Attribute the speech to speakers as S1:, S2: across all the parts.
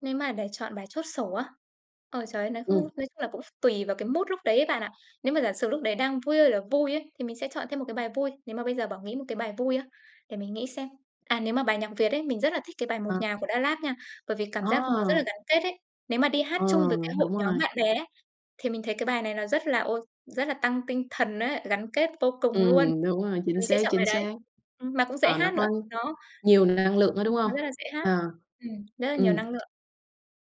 S1: Nếu mà để chọn bài chốt sổ á, ôi trời ơi, nói không
S2: Ừm.
S1: nói chung là cũng tùy vào cái mood lúc đấy ấy bạn ạ. Nếu mà giả sử lúc đấy đang vui là vui ấy, thì mình sẽ chọn thêm một cái bài vui. Nếu mà bây giờ bảo nghĩ một cái bài vui á, để mình nghĩ xem, à, nếu mà bài nhạc Việt ấy, mình rất là thích cái bài "Một
S2: Ờ.
S1: Nhà" của Da LAB nha, bởi vì cảm giác nó rất là
S2: À.
S1: gắn kết ấy. Nếu mà đi hát
S2: Ờ,
S1: chung với cái hội
S2: đúng
S1: nhóm
S2: rồi.
S1: bạn bè ấy, thì mình thấy cái bài này nó rất là ô rất là tăng tinh thần á, gắn kết vô cùng luôn,
S2: Ừm, đúng rồi,
S1: thì
S2: chính
S1: mình sẽ
S2: xác,
S1: chọn bài
S2: chính
S1: đấy,
S2: xác.
S1: ừm, mà cũng dễ
S2: Ờ, nó
S1: hát nữa.
S2: có
S1: Đó,
S2: nhiều năng lượng á, đúng
S1: ừm,
S2: hông?
S1: nó rất là dễ hát,
S2: À,
S1: ừm, rất là nhiều
S2: ừm.
S1: năng lượng.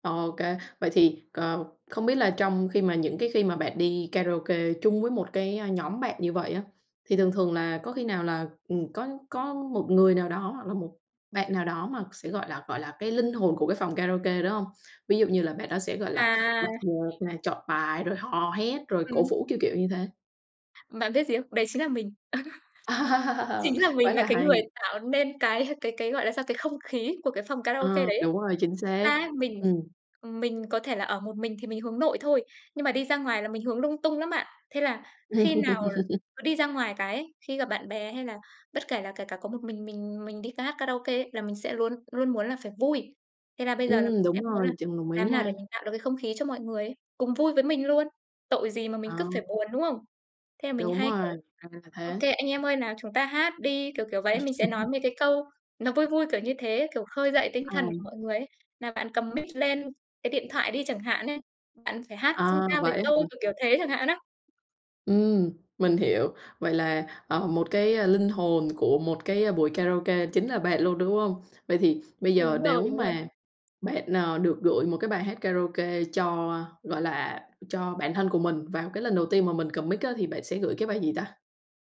S2: OK, vậy thì, ờ, không biết là trong khi mà những cái khi mà bạn đi karaoke chung với một cái, ơ, nhóm bạn như vậy á, thì thường thường là có khi nào là, ừm, có có một người nào đó hoặc là một bạn nào đó mà sẽ, gọi là, gọi là cái linh hồn của cái phòng karaoke, đúng hông? Ví dụ như là bạn đó sẽ, gọi là,
S1: À.
S2: bật nhạc này, chọn bài, rồi hò hét, rồi cổ
S1: Ừm.
S2: vũ, kiểu, kiểu như thế.
S1: Bạn biết gì không? Đấy chính là mình, chính là
S2: Quá
S1: mình là
S2: là
S1: cái
S2: hay.
S1: người tạo nên cái cái cái, gọi là sao, cái không khí của cái phòng karaoke
S2: Ờ,
S1: đấy ấy.
S2: đúng rồi, chính
S1: Thật ra
S2: xác.
S1: ấy, mình,
S2: Ừm.
S1: ừm, mình có thể là ở một mình thì mình hướng nội thôi, nhưng mà đi ra ngoài là mình hướng lung tung lắm bạn. Thế là khi nào cứ đi ra ngoài cái ấy, khi gặp bạn bè hay là bất kể là kể cả có một mình mình mình đi ca hát karaoke ấy, là mình sẽ luôn luôn muốn là phải vui. Thế là bây giờ là
S2: Ừm,
S1: mình sẽ
S2: đúng
S1: muốn
S2: rồi,
S1: là
S2: chừng đồng ý
S1: làm thế nào để
S2: nha.
S1: mình tạo được cái không khí cho mọi người ấy, cùng vui với mình luôn, tội gì mà
S2: Ờ.
S1: mình cứ phải buồn, đúng không? Thế là mình
S2: Đúng
S1: hay,
S2: rồi,
S1: kiểu:
S2: ra là
S1: "OK
S2: thế.
S1: anh em ơi, nào chúng ta hát đi", kiểu, kiểu vậy. Mình sẽ nói về cái câu nó vui vui, kiểu như thế, kiểu, khơi dậy tinh thần của
S2: À.
S1: mọi người ấy "Nào bạn cầm mic lên, cái điện thoại đi chẳng hạn ấy, bạn phải hát song
S2: À,
S1: ca với
S2: vậy á hả?
S1: tôi", kiểu, kiểu thế chẳng hạn á.
S2: Ừm, mình hiểu. Vậy là, ờ, một cái, a, linh hồn của một cái buổi karaoke chính là bạn luôn, đúng hông? Vậy thì bây giờ
S1: Đúng rồi,
S2: nếu
S1: đúng rồi.
S2: mà bạn, ờ, được gửi một cái bài hát karaoke cho, ơ, gọi là, cho bản thân của mình vào cái lần đầu tiên mà mình cầm mic á, thì bạn sẽ gửi cái bài gì ta?